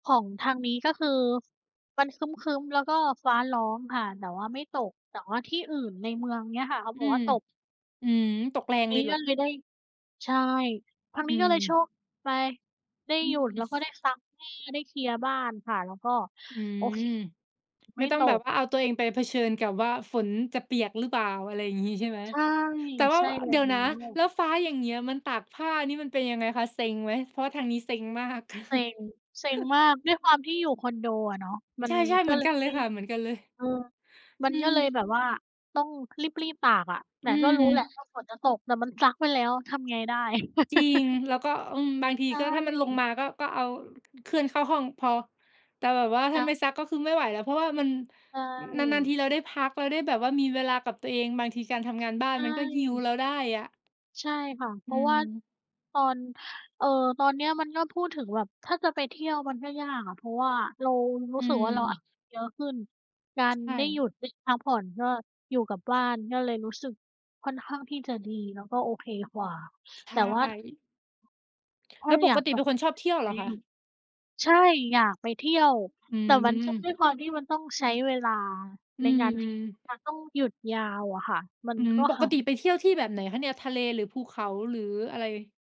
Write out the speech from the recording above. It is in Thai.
ของทางนี้ก็คือมันครึ้ม ๆ แล้วก็ฟ้าร้องค่ะ แต่ว่าไม่ตก แต่ว่าที่อื่นในเมืองเนี่ยค่ะเขาอบือกว่าม ตก อืม ตกแรงมเลี ยเหรกอ? ็เลยได้ ใช่ ครั้งอนืี้ก็เลยโชม ค ไป ได้อืหยุด ม แล้วก็ได้ซักผ้า ได้เคลียร์บ้านค่ะ แล้วก็ อืโอเม ค ไไมม่่ต้อตงแบบก ว่าเอาตัวเองไปเผชิญกับว่าฝนจะเปียกหรือเปล่า อะไรอย่างงี้ ใช่ไหม ใช่ แต่ว่ใา ชว ่แลเด้ี๋ยวนะ ว แล้วฟ้าอย่างเงี้ยมันตากผ้านี่มันเป็นยังไงคะ เซ็งไหม? เพราะว่าทางนี้เซ็งมาก เซ็ง เซ็งมาก ด้วยความที่อยู่คอนโดอะเนาะ มัใชน่ ๆ กเห็มือเลนกยันเลไมย่ ค่ะ เหมือนกันเลย เออ มัอืนก็ม เลยแบบว่าต้องรีบ ๆ ตากอะ แตอ่ืก็ รม ู้แหละว่าฝนจะตก แต่มันซักไปแล้วทำไงได้ จริง แล้วก็ อืม บางที ใชก็ถ้ามันลง่ มา ก็ ก็เอา เคลื่อนเข้าห้องพอ แต่แบบว่าแถล้า้ไว ม่ซัก ก็คือไม่ไหวแล้ว เพราะว่ามัน ใชนาน ๆ ท่ ีเราได้พัก เราได้แบบว่ามีเวลากับตัวเอง บางทีการทำงานบ้าในชมันก็ heal ่ เราได้อะ ใช่ค่ะ เพอืราะว่าม ตอน เออ ตอนเนี้ยมันก็ พูดถึงแบบถ้าจะไปเที่ยวมันก็ยากอะ เพราะว่าเรารูอื้สึกว่าเราอะ ม เยอะขึ้น การใชได้หยุ่ ดได้พักผ่อน ก็อยู่กับบ้าน ก็เลยรู้สึกค่อนข้างที่จะดี แล้วก็โอเคกว่า ใชแต่ว่า...่ ถ้แาล้วปอยากกติจะ เป็นคนชอบเที่ยวเจหรรอิคง ะ? ใช่ อยากไปเที่ยว ฮ อืแต่มันก็ ม ด้วยความที่มันต้องใช้เวลาอืในการที่ จม ะต้องหยุดยาวอะค่ะ มัอนืม ก็ ปกติไปเที่ยวที่แบบไหนคะเนี่ย ทะเล หรือภูเขา หรืออะไร?